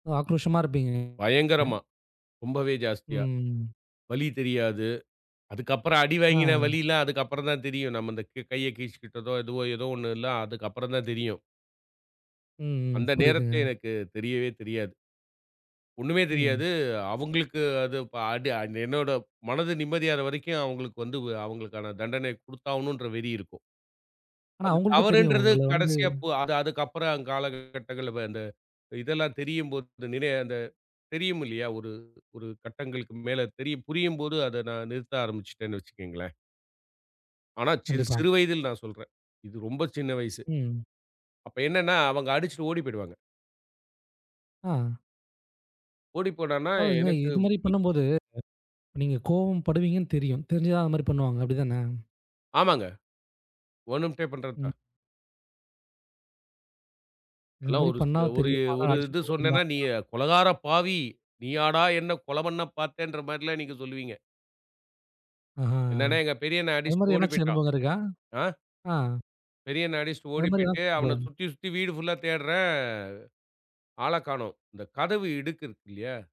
ஆக்ரோஷமா இருப்பீங்க? அ பயங்கரமா, ரொம்பவே ஜாஸ்தியா. ம். வலி தெரியாது. அதுக்கு அப்புறம் அடிவாங்கின அ. வலிலாம் அதுக்கு அப்புறம் தான் தெரியும். நம்ம இந்த க்க கைய கிழிச்சிகிட்டதோ, எதுவோ ஏதோ 1ல்லாம் அதுக்கு அப்புறம் தான் தெரியும். ம், ம். அந்த நேரத்திலே புரியுதுங்க. எனக்கு தெரியவே தெரியாது. ஒண்ணுமே ம். தெரியாது. அவுங்களுக்கு அது ப அடி என்னோட மனது நிம்மதியாற வரைக்கும் அவுங்களுக்கு வந்து அவுங்களுக்கான தண்டனைய குடுத்தாவாணுன்ற வெறி இருக்கும். ஆனா அது அவுங்களுக்கும் தெரியும். தவறுன்றது உங்கள வந்து கடைசியா போ அது அதுக்கப்புறம் அங் காலங்கள், கட்டங்கள் வ அந்த இதெல்லாம் தெரியும் போது, அந் நினை அந்த தெரியுமில்லையா, ஒரு ஒரு கட்டங்களுக்கு மேல, தெரியு புரியும்போது அதை நான் நிறுத்த ஆரம்பிச்சுட்டேன்னு வச்சுக்கங்களேன். ஆனா சி கண்டிப்பா. சிறு வயதில் நான் சொல்றேன். இது ரொம்ப சின்ன வயசு. ம். அப்ப என்னென்னா அவங்க அடிச்சிட்டு ஓடி போய்டுவாங்க. ஆ. ஓடிப்போனான்னா அதாவதுங்க, எனக்கு இது மாரி பி பண்ணும்போது, அ நீங்க கோவம் படுவீங்கண்னு தெரியும். தெரிஞ்சு தான் அது மாரி பண்ணுவாங்க, அப்டி தானே? ஆமாங்க. வேணும்ட்டேப் ம். பண்றதுதான். இந்த அதெல்லாம் மாரி ஒரு சு பண்ணா ஒரு தெரியும். ஆனா ஒரு இது அடிச்சிட்டு சொன்னேன்னா, நீ ஓடிடலான்றா கொலைகார பாவி! நீயாடா என்ன கொலை பண்ண பாத்தேன்ற மாரில்லாம் நீங்க சொல்லுவீங்க. ஆஹா! என்னானா, எங்க பெரிய அண்ணன் அது மாரி அடிச்சிட்டு ஓடிப் எதனாச்சும் பேய்ட்டான். அனுபவம் இருக்கா? ஆ ஆ. பெரியண்ணன் அடிச்சிட்டு அத ஓடிப் மாரி பேய்ட்டு, எதாச்சும் அவன அனுபவம் சுத்தி, சுத்தி வீடு புல்லா தேடுறேன் ஆளக் காணோம். இந்த கதவு இடுக்கு இருக்கு இல்லியா